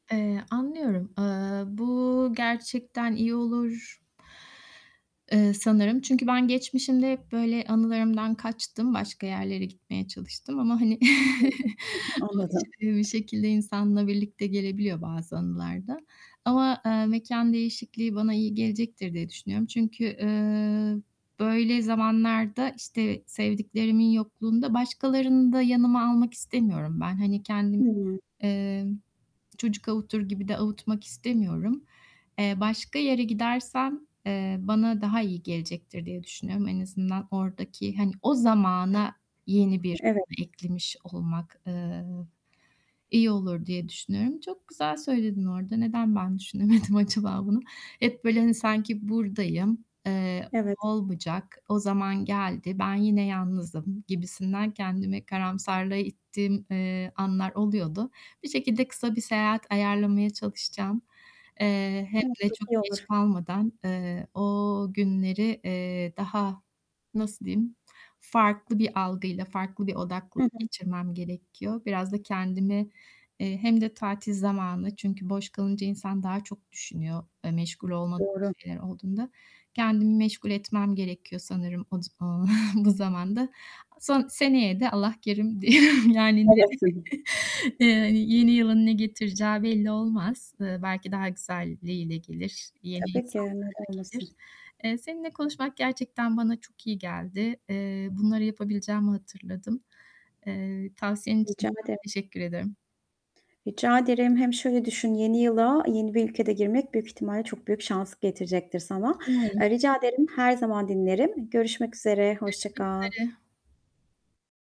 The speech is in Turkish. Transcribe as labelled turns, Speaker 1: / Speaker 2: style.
Speaker 1: Eee, anlıyorum. Eee, bu gerçekten iyi olur. Eee, sanırım. Çünkü ben geçmişimde hep böyle anılarımdan kaçtım, başka yerlere gitmeye çalıştım ama hani
Speaker 2: [unintelligible] Anladım.
Speaker 1: [unintelligible] insanla birlikte gelebiliyor bazı anılar da ama, eee, mekân değişikliği bana iyi gelecektir diye düşünüyorum. Çünkü, eee, böyle zamanlarda işte sevdiklerimin yokluğunda başkalarını da yanıma almak istemiyorum ben. Hani kendim,
Speaker 2: Hımm.
Speaker 1: eee, çocuk avutur gibi de avutmak istemiyorum. Eee, başka yere gidersem, eee, bana daha iyi gelecektir diye düşünüyorum. En azından oradaki hani o zamana yeni bir
Speaker 2: Evet.
Speaker 1: [unintelligible] eklemiş olmak, eee, iyi olur diye düşünüyorum. Çok güzel söyledin orada. Neden ben düşünemedim acaba bunu? Hep böyle hani sanki burdayım, eee,
Speaker 2: Evet.
Speaker 1: olmayacak, o zaman geldi, ben yine yalnızım gibisinden kendimi karamsarlığa ittiğim, eee, anlar oluyordu. Bir şekilde kısa bir seyahat ayarlamaya çalışacağım. Eee, hem
Speaker 2: Evet,
Speaker 1: de
Speaker 2: çok iyi
Speaker 1: çok geç
Speaker 2: olur.
Speaker 1: kalmadan, eee, o günleri, eee, daha, nasıl diyeyim, farklı bir algıyla, farklı bir
Speaker 2: Hı
Speaker 1: odaklılık
Speaker 2: hı.
Speaker 1: geçirmem gerekiyor. Biraz da kendimi, eee, hem de tatil zamanı, çünkü boş kalınca insan daha çok düşünüyor e, meşgul olmadığım
Speaker 2: Doğru.
Speaker 1: şeyler olduğunda. Kendimi meşgul etmem gerekiyor sanırım o s o bu zamanda. Son seneye de Allah kerim diyorum yani,
Speaker 2: Elbette.
Speaker 1: eee, yeni yılın ne getireceği belli olmaz. Eee, belki daha güzelliğiyle gelir, yeni
Speaker 2: Tabii ki.
Speaker 1: insanlarla
Speaker 2: Neden
Speaker 1: gelir.
Speaker 2: olmasın.
Speaker 1: Eee, seninle konuşmak gerçekten bana çok iyi geldi. Eee, bunları yapabileceğimi hatırladım. Eee, tavsiyen için
Speaker 2: Rica
Speaker 1: de çok
Speaker 2: ederim.
Speaker 1: teşekkür ederim.
Speaker 2: Rica ederim. Hem şöyle düşün yeni yıla yeni bir ülkede girmek büyük ihtimalle çok büyük şans getirecektir sana.
Speaker 1: Umarım.
Speaker 2: Eee, rica ederim, her zaman dinlerim. Görüşmek üzere, hoşça
Speaker 1: Görüşmek
Speaker 2: kal.
Speaker 1: üzere.